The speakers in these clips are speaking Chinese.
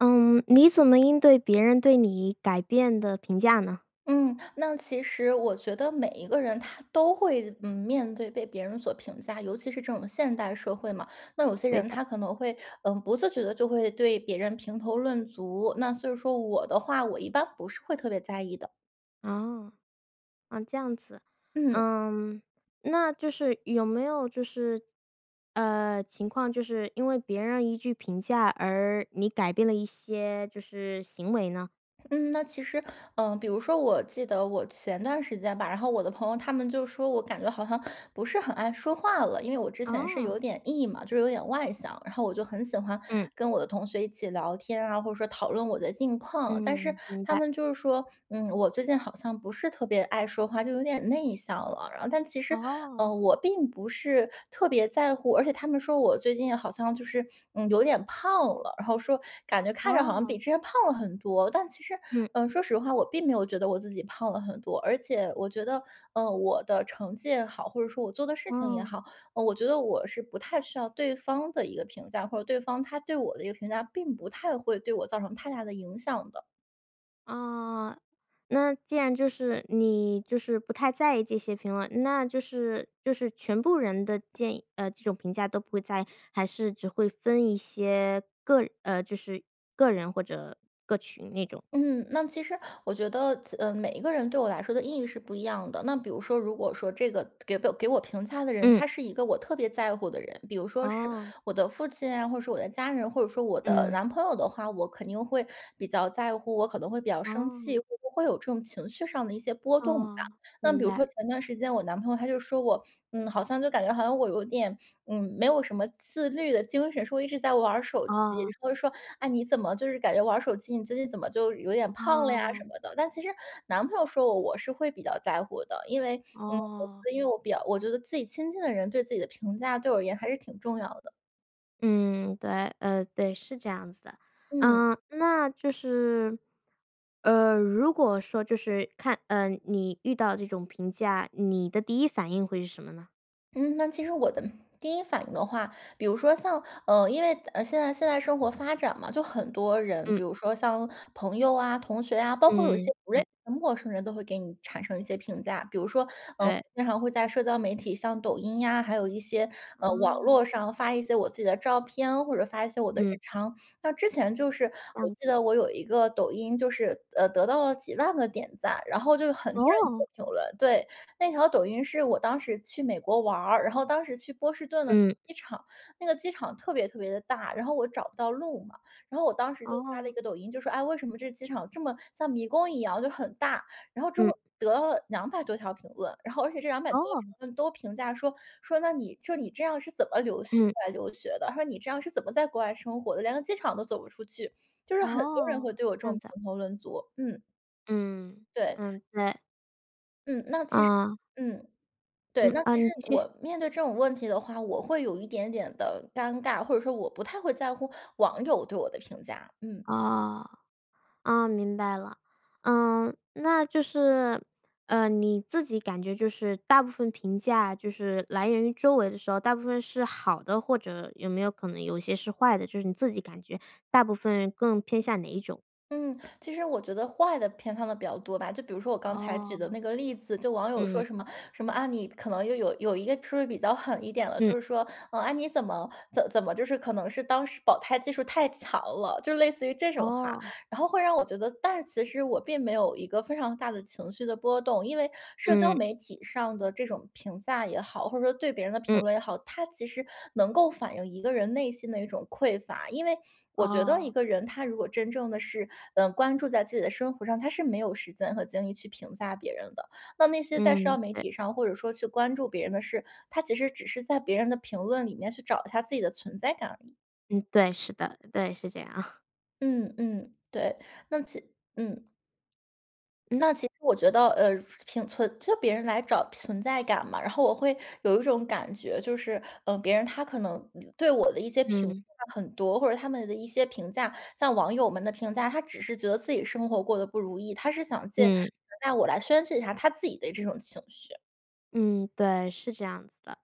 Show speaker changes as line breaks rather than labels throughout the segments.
嗯，你怎么应对别人对你改变的评价呢？
嗯，那其实我觉得每一个人他都会嗯，面对被别人所评价，尤其是这种现代社会嘛，那有些
对
人
的。
他可能会，呃，不自觉地就会对别人评头论足，那所以说我的话，我一般不是会特别在意的。
哦，嗯，这样子。
嗯。
嗯，那就是有没有就是，呃情况就是，因为别人一句评价而你改变了一些，就是，行为呢？
嗯，那其实，呃，比如说我记得我前段时间吧，然后我的朋友他们就说我感觉好像不是很爱说话了，因为我之前是有
啊。
点 E 嘛，就有点外向。然后我就很喜欢
嗯。
跟我的同学一起聊天啊，或者说讨论我的近况，但是
嗯，明
他
白。
们就是说，嗯，我最近好像不是特别爱说话，就有点内向了。然后但其实，呃，
哦。
我并不是特别在乎。而且他们说我最近好像就是，嗯，有点胖了，然后说感觉看着好像比
哦。
之前胖了很多，但其实，
嗯。
呃，说实话，我并没有觉得我自己胖了很多，而且我觉得，呃，我的成绩也好，或者说我做的事情也
哦。
好，嗯，我觉得我是不太需要对方的一个评价，或者对方他对我的一个评价并不太会对我造成太大的影响的。
啊，那既然就是，你就是不太在意这些评论，那就是就是全部人的建议，呃这种评价都不会在意，还是只会分一些，个人呃，就是个人或者个群那种？
嗯，那其实我觉得子嗯，每一个人对我来说的意义是不一样的。那比如说如果说这个给我给我评价的人，
嗯。
他是一个我特别在乎的人，比如说是
哦。
我的父亲啊，或者说我的家人，或者说我的
嗯。
男朋友的话，我肯定会比较在乎，我可能会比较生气，
哦。
会不会有这种情绪上的一些波动吧。
啊，
那
明
比如
白。
说前一段时间，我男朋友他就说我，嗯，好像就感觉好像我有点，嗯，没有什么自律的精神，说我一直在玩儿手机，
啊。
然后说：“哎，你怎么就是感觉玩儿手机，你最近怎么就有点胖了呀什
啊。
么的。“但其实男朋友说我，我是会比较在乎的，因为，嗯
哦。
我因为我比较我觉得自己亲近的人对自己的评价，对我而言还是挺重要的。
嗯，对，呃对，是这样子的。
嗯。
呃，那就是，呃，如果说就是看呃，你遇到这种评价，你的第一反应会是什么呢？
嗯，那其实我的第一反应的话，比如说像呃，因为呃，现在现在生活发展嘛，就很多人，
嗯。
比如说像朋友啊、同学啊，包括有一些
嗯，
不认
对。
识的陌生人都会给你产生一些评价。比如说，呃，
对。
经常会在社交媒体，像抖音呀，还有一些，呃，网
啊。
络上发一些我自己的照片，或者发一些我的日
嗯。
常。像之前就是，
这
我
样
记
子。
得我有一个抖音，就是，呃，得到了几万个点赞，然后就有很多人就
哦。
评论，对。那条抖音是我当时去美国玩儿，然后当时去波士顿的
嗯。
机场，那个机场特别特别地大，然后我找不到路嘛。然后我当时就发了
哦。
一个抖音，就说：“哎，为什么这机场这么像迷宫一样，就很大。”然后之
嗯。
后得了200多条评论，然后而且这200多条评
哦。
论都评价说，说：“那你”说：“你这样是怎么留学出
嗯。
来留学的？“他说：”你这样是怎么在国外生活的，连个机场都走不出去？“就是很多人
哦，
会对我这
这
种
样子啊。
评头论足。嗯。
嗯，
对。
嗯，对。
嗯，那其实
啊。
嗯，对。
嗯，
那
啊
其实
你继
我
续。
面对这种问题的话，我会有一点点的尴尬，或者说我不太会在乎网友对我的评价，嗯。
哦，啊，明白了。嗯，那就是，呃，你自己感觉就是大部分评价，就是来源于周围的时候，大部分是好的，或者有没有可能有一些是坏的？就是你自己感觉大部分更偏向哪一种？
嗯，其实我觉得坏的偏它的比较多吧，就比如说我刚才举
哦。
的那个例子，就网友说
嗯。
什么什么，啊，你可能又有有一个是不是比较狠一点了，就
嗯。
是说，嗯啊，你怎么怎怎么就是可能是当时保胎技术太强了，就类似于这种话。
哦。
然后会让我觉得但是其实我并没有一个非常大的情绪的波动。因为社交
嗯。
媒体上的这种评价也好，或者说对别人的评
嗯。
论也好，它其实能够反映一个人内心的一种匮乏。因为我觉得一
哦。
个人，他如果真正的是，嗯，关注在自己的生活上，他是没有时间和精力去评价别人的。那那些在社交
嗯，
媒
对。
体上或者说去关注别人的事，他其实只是在别人的评论里面去找一下自己的存在感而已。
嗯，对，是的。对，是这样。
嗯，嗯，对。那其嗯。
嗯。
那其实我觉得，呃，平存就别人来找存在感嘛。然后我会有一种感觉，就是，嗯，别人他可能嗯，对我的一些评
嗯。
价很多，或者他们的一些评价像网友们的评价，他只是觉得自己生活过得不如意，他是想借评
嗯。
价我来宣泄一下他自己的这种情绪。
嗯，对，是这样子的。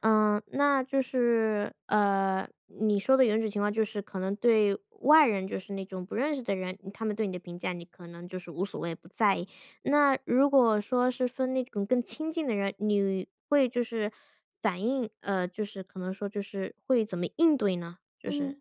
呃，那就是，呃，你说的有种情况就是可能对外人，就是那种不认识的人。他们对你的评价，你可能就是无所谓，不在意。那如果说是分那种更亲近的人，你会就是，反应呃，就是可能说就是会怎么应对呢？就是
嗯，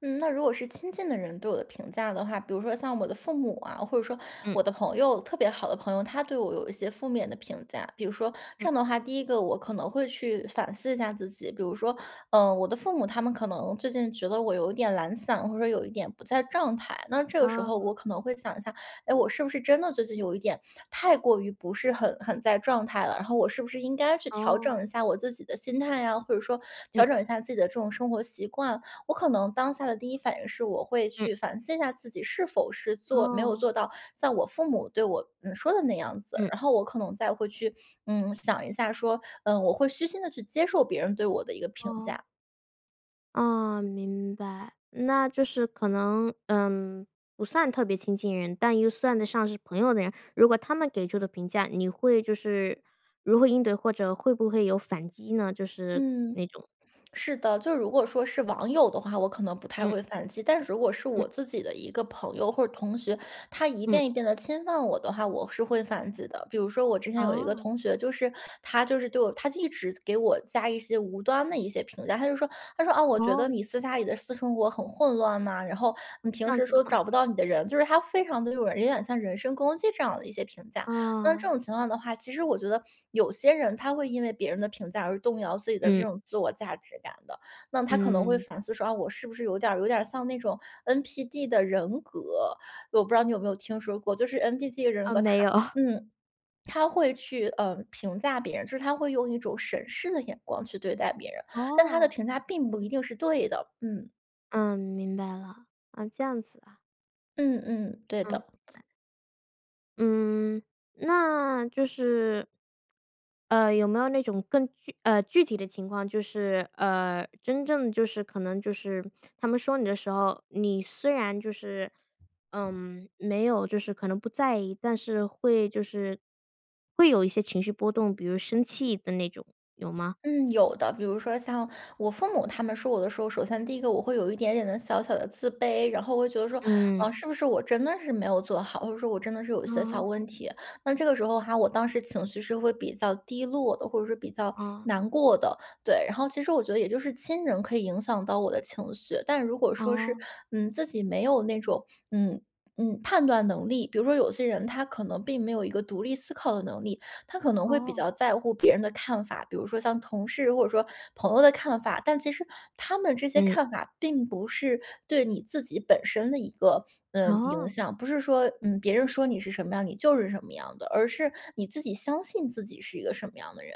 嗯，那如果是亲近的人对我的评价的话，比如说像我的父母啊，或者说
嗯。
我的朋友，特别好的朋友，他对我有一些负面的评价。比如说这
嗯。
样的话，第一个我可能会去反思一下自己。比如说，嗯，我的父母他们可能最近觉得我有一点懒散，或者有一点不在状态。那这个时候
哦。
我可能会想一下，诶，我是不是真的最近有一点太过于不是很很在状态了？然后我是不是应该去调整一
哦。
下我自己的心态呀，或者说调
嗯。
整一下自己的这种生活习惯？我可能当下的第1反应是我会
嗯。
去反思一下自己是否是做没有
哦。
做到像我父母对我嗯，说的那样子，
嗯。
然后我可能再会去，嗯，想一下说嗯，我会虚心地去接受别人对我的一个评
哦。
价。
哦，明白，那就是可能，嗯，不算特别亲近人，但又算得上是朋友的人，如果他们给出的评价，你会就是如何应对？或者会不会有反击呢？就是
嗯，
那种
是的。就是如果说是网友的话，我可能不太
嗯。
会反击，但是如果是
嗯。
我自己的一个朋友或者同学，他一
嗯。
遍一遍地侵犯我的话，我是会反击的。比如说我之前有一个
哦。
同学，就是他就是对我他就一直给我加一些无端的一些评价。他就说，他说：“啊，我觉得
哦。
你私下里的私生活很混乱呐，然后你
哦，这
平
样
时
子的
说
吗？
找不到你的人“就是他非常地就是有点像人身攻击这样的一些评价。那这
啊。
种情况的话，其实我觉得有些人他会因为别人的评价而动摇自己的这
嗯。
种自我价值感的，那他可能会
嗯。
反思说，哦，我是不是有点儿有点儿像那种 NPD 的人格，我不知道你有没有听说过，就是 NPD 的人
啊，
格，
没
他
有。
嗯，他会去，呃，评价别人，就是他会用一种审视的眼光去对待别人，但他的
哦。
评价并不一定是对的。嗯。
嗯，明白了。啊，这样子啊。
嗯嗯，对
嗯。
的。
嗯，那，就是呃，有没有那种更具呃，具体的情况？就是，呃真正就是可能就是他们说你的时候，你虽然就是，嗯没有就是可能不在意，但是会就是会有一些情绪波动，比如生气的那种，有吗？
嗯，有的。比如说像我父母他们说我的时候，首先第一个我会有一点点的小小的自卑。然后我觉得说，啊，
嗯。
是不是我真的是没有做好？或者说我真的是有一些小
哦。
问题。那这个时候哈，我当时情绪是会比较低落的，或者是比较
啊。
难过的。对，然后其实我觉得也就是亲人可以影响到我的情绪。但如果说是，
哦。
嗯，自己没有那种，嗯嗯，判断能力，比如说有些人他可能并没有一个独立思考的能力，他可能会比
哦。
较在乎别人的看法，比如说像同事或者说朋友的看法，但其实他们这些
嗯。
看法并不是对你自己本身的一个，呃，影
哦。
响。不是说嗯，别人说你是什么样，你就是什么样的，而是你自己相信自己是一个什么样的人。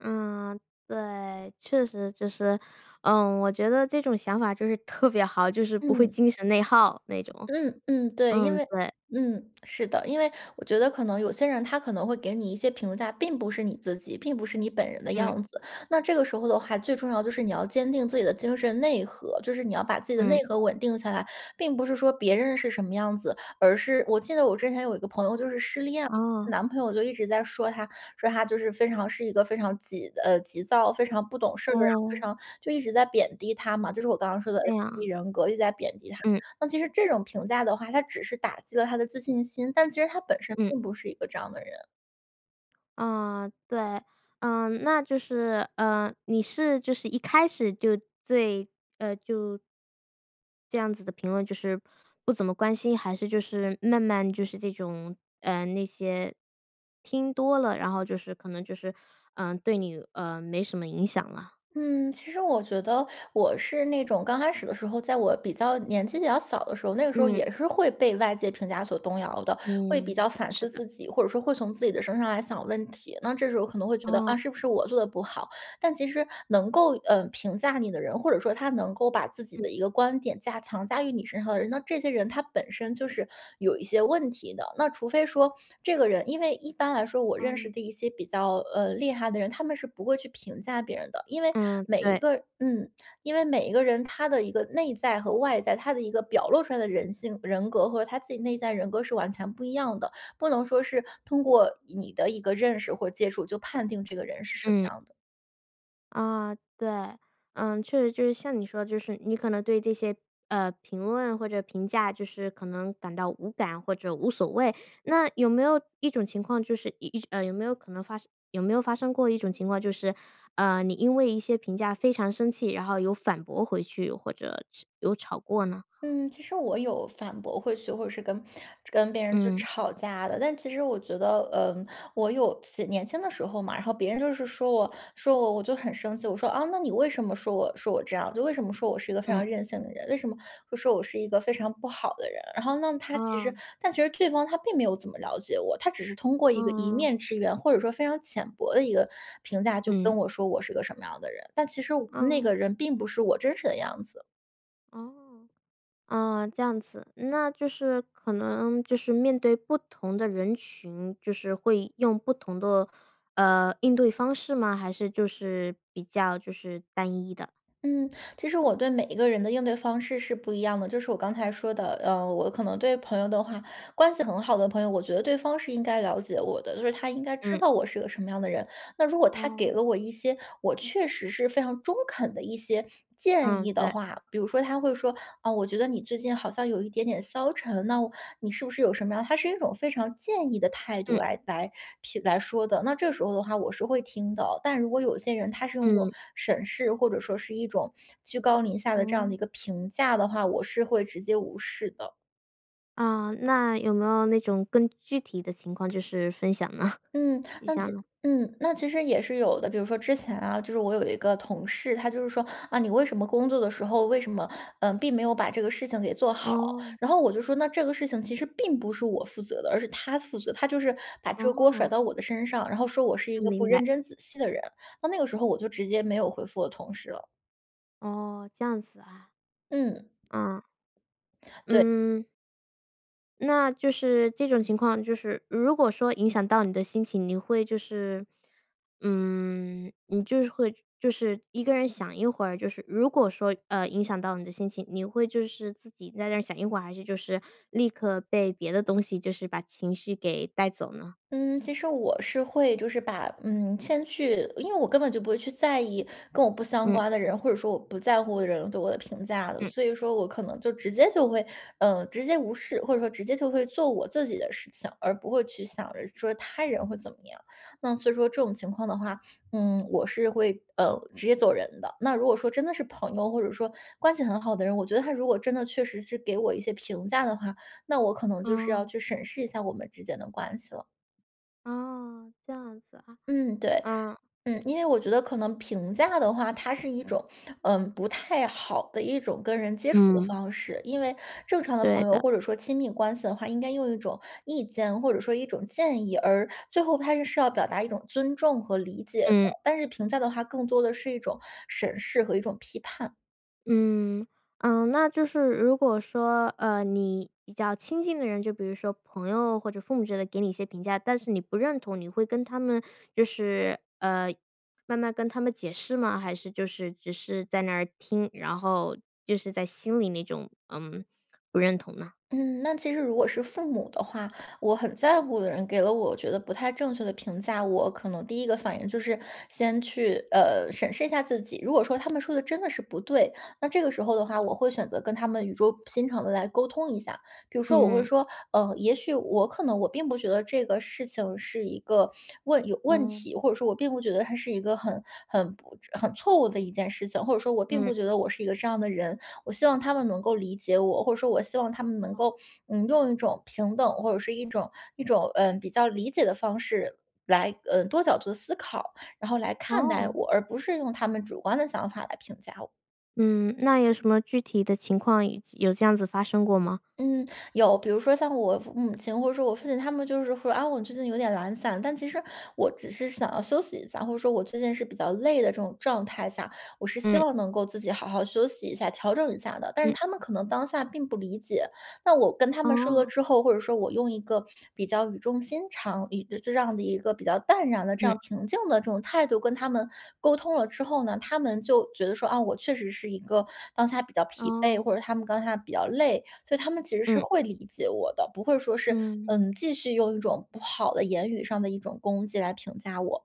嗯，对。确实就是，嗯，我觉得这种想法就是特别好，就是不会
嗯。
精神内耗那种。
嗯嗯，对。因
嗯，
为
对。
嗯，是的，因为我觉得可能有些人他可能会给你一些评价，并不是你自己，并不是你本人的
嗯。
样子。那这个时候的话，最重要就是你要坚定自己的精神内核，就是你要把自己的内
嗯。
核稳定下来，并不是说别人是什么样子，而是我记得我之前有一个朋友就是失恋，
哦。
男朋友就一直在说她，说她就是非常是一个非常急呃，急躁，非常不懂事儿啊，非
哦。
常就一直在贬低她嘛，就是我刚刚说的
这
NPD
样。
人格，一直在贬低她。
嗯。
那其实这种评价的话，他只是打击了她的自信心，但其实她本身
嗯。
并不是一个这样的人。
嗯，对。嗯，那就是，呃，你是就是一开始就对，呃就这样子的评论就是不怎么关心？还是就是慢慢就是这种，呃那些听多了，然后就是可能就是，嗯，对你呃，没什么影响了？
嗯，其实我觉得我是那种刚开始的时候，在我比较年纪比较小的时候，那个时候
嗯。
也是会被外界评价所动摇的，会比
嗯，
较反
是
思
的。
自己，或者说会从自己的身上来想问题，那这时候可能会觉得，
哦。
啊，是不是我做得不好？但其实能够，呃，评价你的人，或者说他能够把自己的
嗯。
一个观点加强加于你身上的人，那这些人他本身就是有一些问题的。那除非说这个人因为一般来说，我认识
嗯。
的一些比较，呃，厉害的人，他们是不会去评价别人的。因为
嗯，
每一
对。
个嗯，因为每一个人他的一个内在和外在，他的一个表露出来的人性人格和他自己内在人格是完全不一样的，不能说是通过你的一个认识或接触就判定这个人是什么
嗯。
样的。
啊，对。嗯，确实就是像你说的，就是你可能对这些，呃，评论或者评价，就是可能感到无感或者无所谓。那有没有一种情况就是一一呃，有没有可能发生有没有发生过一种情况，就是，呃，你因为一些评价非常生气，然后有反驳回去，或者是有吵过呢？
嗯，其实我有反驳回去或者是跟跟别人就
嗯。
吵架的，但其实我觉得，呃，我有自己年轻的时候嘛，然后别人就是说我说我，我就很生气。我说：“啊，那你为什么说我说我这样？就为什么说我是一个非
嗯。
常任性的人，为什么会说我是一个非常不好的人？“然后那他其实
哦。
但其实对方他并没有怎么了解我，他只是通过一个一
哦。
面之缘，或者说非常浅薄的一个评价就跟
嗯。
我说我是个什么样的人，但其实那
啊。
个人并不是我真实的样子。
哦。啊，这样子，那就是可能就是面对不同的人群，就是会用不同的，呃，应对方式吗？还是就是比较就是单一的？
嗯，其实我对每一个人的应对方式是不一样的，就是我刚才说的，呃，我可能对朋友的话关系很好的朋友，我觉得对方是应该了解我的，就是他应该知
嗯。
道我是一个什么样的人。那如果他给
哦。
了我一些，我确实是非常中肯的一些建
嗯，
议的
对。
话，比如说他会说：“呃，我觉得你最近好像有一点点消沉，那你是不是有什么样“他是一种非常建议的态度
嗯。
来来评来说的，那这时候的话我是会听的。但如果有些人他是用那种
嗯。
审视或者说是一种居高临下的这样
哦。
的一个评价的话，我是会直接无视的。
啊，那有没有那种更具体的情况就是分享呢
嗯，
一
那
下
其
呢？
嗯，那其实也是有的。比如说之前啊，就是我有一个同事，他就是说：“啊，你为什么工作的时候为什么，嗯，并没有把这个事情给做好？”
哦。
然后我就说：“那这个事情其实并不是我负责的。”而是他负责，他就是把这个锅甩
哦。
到我的身上，然后说“我是一
嗯，
个不
明白。
认真仔细的人”，那那个时候我就直接没有回复我同事了。
哦，这样子啊。
嗯。
啊。
对。
嗯。那就是这种情况就是如果说影响到你的心情，你会就是，嗯你就是会就是一个人想一会儿就是如果说，呃，影响到你的心情，你会就是自己在那儿想一会儿，还是就是立刻被别的东西就是把情绪给带走呢？
嗯，其实我是会就是把，嗯，先去因为我根本就不会去在意跟我不相
嗯。
关的人，或者说我不在乎的人对我的评价的。
嗯。
所以说我可能就直接就会，呃，直接无视，或者说直接就会做我自己的事情，而不会去想着说他人会怎么样。那所以说这种情况的话，嗯，我是会，呃，直接走人的。那如果说真的是朋友，或者说关系很好的人，我觉得他如果真的确实是给我一些评价的话，那我可能就是要
哦。
去审视一下我们之间的关系了。
哦，这样子啊。
嗯，对。
嗯。
嗯，因为我觉得可能评价的话，它是一种，嗯，不太好的一种跟人接触的
嗯。
方式。因为正常的
对
朋友
的。
或者说亲密关系的话，应该用一种意见或者说一种建议，而最后他是要表达一种尊重和理解的，
嗯。
但是评价的话更多的是一种审视和一种批判。
嗯，嗯，那就是如果说，呃，你比较亲近的人，就比如说朋友或者父母之类的给你一些评价，但是你不认同，你会跟他们就是，呃，慢慢跟他们解释吗？还是就是只是在那儿听，然后就是在心里那种嗯，不认同呢？
嗯，那其实如果是父母的话我很在乎的人给了我觉得不太正确的评价，我可能第一个反应就是先去，呃，审视一下自己。如果说他们说的真的是不对，那这个时候的话，我会选择跟他们语重心长地来沟通一下。比如说我会
嗯。
说：“呃，也许我可能我并不觉得这个事情是一个问有问
哦。
题，或者说我并不觉得它是一个很很不很错误的一件事情，或者说我并
嗯。
不觉得我是一个这样的人。”我希望他们能够理解我，或者说我希望他们能够，嗯，用一种平等，或者是一种一种，呃，比较理解的方式来，呃，多角度的思考，然后来看待
哦。
我，而不是用他们主观的想法来评价我。
嗯，那有什么具体的情况以及有这样子发生过吗？
嗯，有。比如说像我母亲或者说我父亲，他们就是说，啊，“我最近有点懒散”，但其实我只是想要休息一下，或者说我最近是比较累的这种状态下，我是希
嗯。
望能够自己好好休息一下、调整一下的。但是
嗯。
他们可能当下并不理解，那我跟他们说了
哦。
之后，或者说我用一个比较语重心长这这样的一个比较淡然的这
嗯。
样平静的这种态度跟他们沟通了之后呢，他们就觉得说，啊，“我确实是一个当下比较疲惫”，或者
哦。
他们当下比较累，所以他们其实是
嗯。
会理解我的，不会说是，
嗯。
嗯，继续用一种不好的言语上的一种攻击来评价我。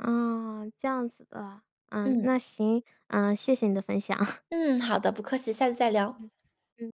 啊，这样子的啊。嗯，
嗯。
那行。嗯，谢谢你的分享。
嗯，好的，不客气。下次再聊。
嗯。嗯。